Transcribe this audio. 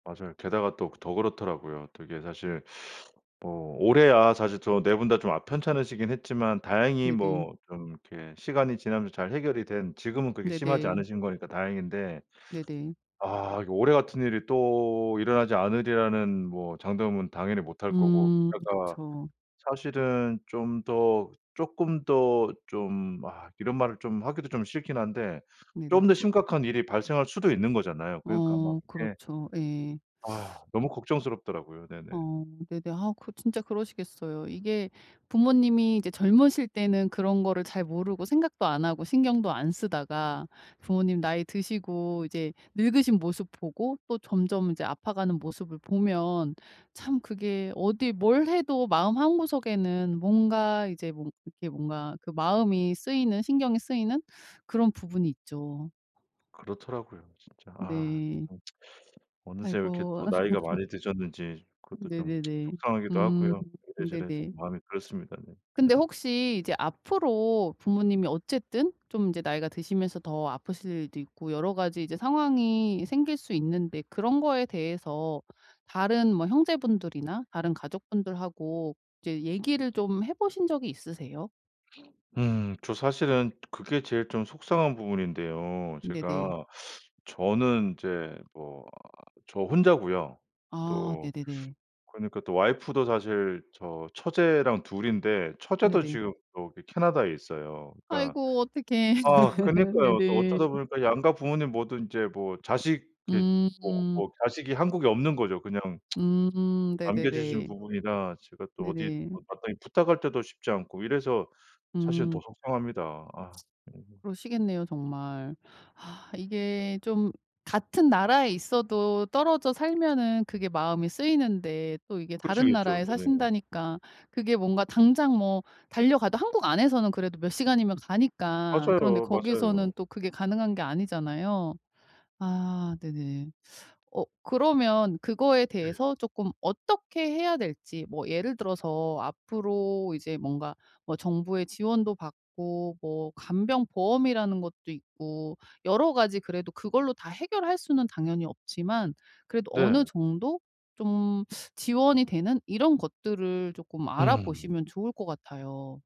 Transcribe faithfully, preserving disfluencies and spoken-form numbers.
맞아요. 게다가 또 그 더 그렇더라고요. 되게 사실 어 올해 아 사실 저 네 분 다 좀 아 편찮으시긴 했지만 다행히 네네. 뭐 좀 이렇게 시간이 지나면서 잘 해결이 된 지금은 그렇게 심하지 네네. 않으신 거니까 다행인데. 네네. 아 이게 올해 같은 일이 또 일어나지 않으리라는 뭐 장담은 당연히 못 할 거고. 음 그러니까 그쵸. 사실은 좀 더 쪼끔 더 좀 아 이런 말을 좀 하기도 좀 싫긴 한데 네네. 좀 더 심각한 일이 발생할 수도 있는 거잖아요. 그러니까 막 어 이게 그렇죠. 예. 아 너무 걱정스럽더라고요. 네네. 어 네네. 아 그 진짜 그러시겠어요. 이게 부모님이 이제 젊으실 때는 그런 거를 잘 모르고 생각도 안 하고 신경도 안 쓰다가 부모님 나이 드시고 이제 늙으신 모습 보고 또 점점 이제 아파가는 모습을 보면 참 그게 어디 뭘 해도 마음 한구석에는 뭔가 이제 뭐 이렇게 뭔가 마음이 쓰이는 신경이 쓰이는 그런 부분이 있죠. 그렇더라고요 진짜 아. 네. 음 어느새 왜 이렇게 아이고. 또 나이가 많이 드셨는지 그것도 좀 네네네. 속상하기도 음 하고요. 이래저래 좀 네네. 마음이 그렇습니다 네. 근데 혹시 이제 앞으로 부모님이 어쨌든 좀 이제 나이가 드시면서 더 아프실 일도 있고 여러 가지 이제 상황이 생길 수 있는데 그런 거에 대해서 다른 뭐 형제분들이나 다른 가족분들하고 이제 얘기를 좀 해 보신 적이 있으세요? 음. 저 사실은 그게 제일 좀 속상한 부분인데요. 네네. 제가 저는 이제 뭐 저 혼자고요. 아 또 네네네. 그러니까 또 와이프도 사실 저 처제랑 둘 인데 처제도 네네. 지금 저기 캐나다에 있어요. 그러니까 아이고 어떡해. 아 그니까요. 또 네네. 어쩌다 보니까 양가 부모님 모두 이제 뭐 자식 이렇게 뭐 음. 뭐 자식이 한국에 없는 거죠 그냥. 음 뭐 남겨지신 네네네. 부분이나 제가 또 어디 네네. 뭐 마땅히 부탁할 때도 쉽지 않고 이래서 사실은 더 음. 속상합니다. 아. 음. 그러시겠네요 정말. 아 이게 좀 같은 나라에 있어도 떨어져 살면은 그게 마음이 쓰이는데 또 이게 다른 그러시겠죠. 나라에 네. 사신다니까 그게 뭔가 당장 뭐 달려가도 한국 안에서는 그래도 몇 시간이면 가니까 그런데 맞아요. 맞아요. 거기서는 또 그게 가능한 게 아니잖아요. 아 네네. 어 그러면 그거에 네. 대해서 쪼끔 어떻게 해야 될지 뭐 예를 들어서 앞으로 이제 뭔가 뭐 정부의 지원도 받고 뭐 간병보험이라는 것도 있고 여러 가지 그래도 그걸로 다 해결할 수는 당연히 없지만 그래도 어느 네. 정도 좀 지원이 되는 이런 것들을 쪼끔 알아 음. 보시면 좋을 것 같아요.